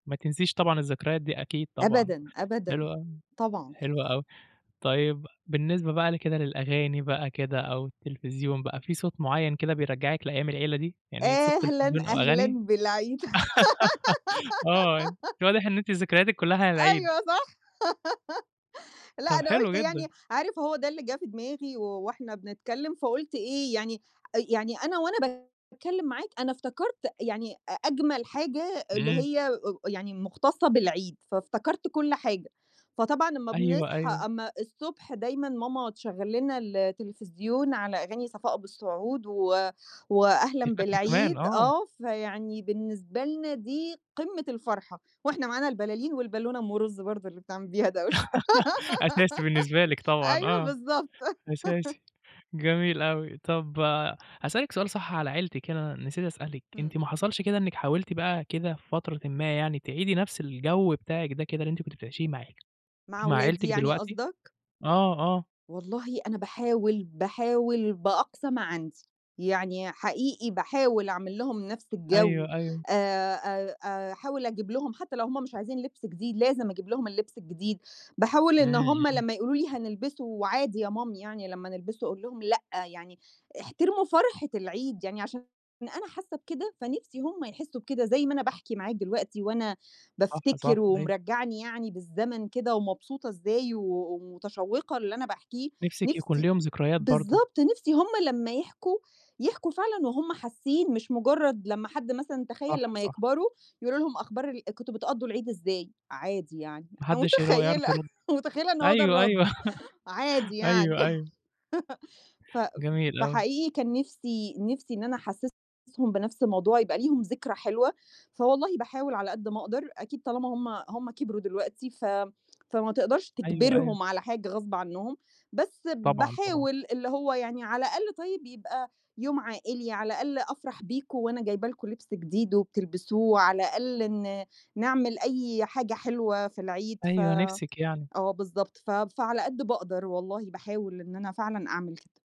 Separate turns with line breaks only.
ما تنسيش طبعًا الذكريات دي، أكيد طبعًا.
أبدًا، أبدًا.
حلوة أوي،
طبعًا.
حلوة أوي. طيب، بالنسبة بقى ل كده للأغاني بقى كده أو التلفزيون بقى، في صوت معيّن كده بيرجّعك لأيام العيلة دي؟ يعني صوت
أهلًا،
تلفزيون أو
أهلًا
أغاني؟
بالعيد.
آه، أنتِ واضح إن أنتِ ذكرياتِك كُلّها على العيد.
أيوه، صح. لأ
طَب
أنا
حلو
قُلت
جدًا.
يعني عارف هو ده اللي جِه في دماغي و وإحنا بنتكلّم فقُلت إيه، يعني آآ يعني أنا وأنا باتكلّم معاك، أنا افتكرت يعني أ أجمل حاجة اللي
إمم.
هي أو يعني مُختصّة بالعيد، فافتكرت كل حاجة، فطبعًا لمّا
أيوه،
بنصحى
أيوه.
أمّا الصبح دايمًا ماما تشغّل لنا التلفزيون على أغاني صفاء أبو السعود و
أنتِ
وأهلًا
فاكرة كمان،
بالعيد
آه.
آه. فيعني بالنسبة لنا دي قِمّة الفرحة وإحنا معانا البلالين والبالونة أم رُز برضه اللي بنعمل بيها دوشة
أساسي بالنسبة لِك طبعًا،
أيوه
آه.
بالضبط.
أساسي، جميل أوي. طَب هاسألِك سؤال صح على عيلتِك هنا، أنا نسيت أسألِك، أنتِ
إمم.
ما حصلش كده إنِّك حاولتِ بقى كده في فترةٍ ما يعني، تعيدي نَفْس الجَو بتاعِك ده كده اللي أنتِ كنتِ بتعيشيه مع
مع
مع
ولادي
عيلتِك
يعني
دلوقتي؟
قصدك؟
آه، آه.
والله أنا باحاول، باحاول بأقصى ما عندي، يعني حقيقي باحاول أعمل لهُم نَفْس الجَو،
أيوه، أيوه.
آآ، آآ أحاول أجييب لهُم حتّى لو هم مش عايزين لبْس جديد لازم أجيب لهُم اللبس الجديد، باحاول
إمم،
إن هم
إمم.
لمّا يقولوا لي: "هنلبسه وعادي يا مامي يعني لمّا نلبسه." أقول لهم: "لأ، يعني احترموا فرحة العيد." يعني عشان أنا حاسّة بكده، فنِفْسِي هم يحسّوا بكده زي ما أنا باحكِي معاك دلوقتي وأنا
صح،
بافتكر
صح، أيوه.
ومرجّعني يعني بالزمن كده ومبسوطة إزاي و ومتشوّقة اللي أنا باحكيه،
نِفْسِك يكون
نِفْسي
ليهم ذكريات برضه.
بالضبط. نِفْسي هم لمّا يحكوا، يحكوا فعلًا وهُم حاسّين، مش مُجرّد لمّا حد مثلًا تخيّل
صح،
لمّا
صح.
يكبروا، يقولوا لهم أخبار ال كنتم بتقضّوا العيد إزاي؟ عادي يعني،
ما
أنا
حدّش اللي هو
متخيّلة،
يعرف يرُد.
متخيّلة إن هو ده
أيوه،
الرَد،
أيوه.
عادي يعني.
أيوه، أيوه.
ف ف ف
جميل
ف
أوي.
فحقيقي كان نِفْسي نِفْسي إن أنا أحسِّسهم بنَفْس الموضوع، يبقى ليهم ذكرى حلوة، فوالله باحاول على قد ما أقدر، أكيد طالمّا هم هم كبروا دلوقتي ف فما تقدرش
أيوه، أيوه.
تجبرهم على حاجة غصب عنّهم، بس
طبعًا، طبعًا.
باحاول، اللي هو يعني على الأقل طيب يبقى يوم عائلي، على الأقل أفرح بيكم وأنا جايبة لكم لبْس جديد وبتلبسوه، على الأقَل ن نعمل أي حاجة حلوة في العيد ف
أيوه، نِفْسِك يعني.
آه، بالضبط. ف فعلى قد باقدر والله، باحاول إن أنا فعلًا أعمل كده.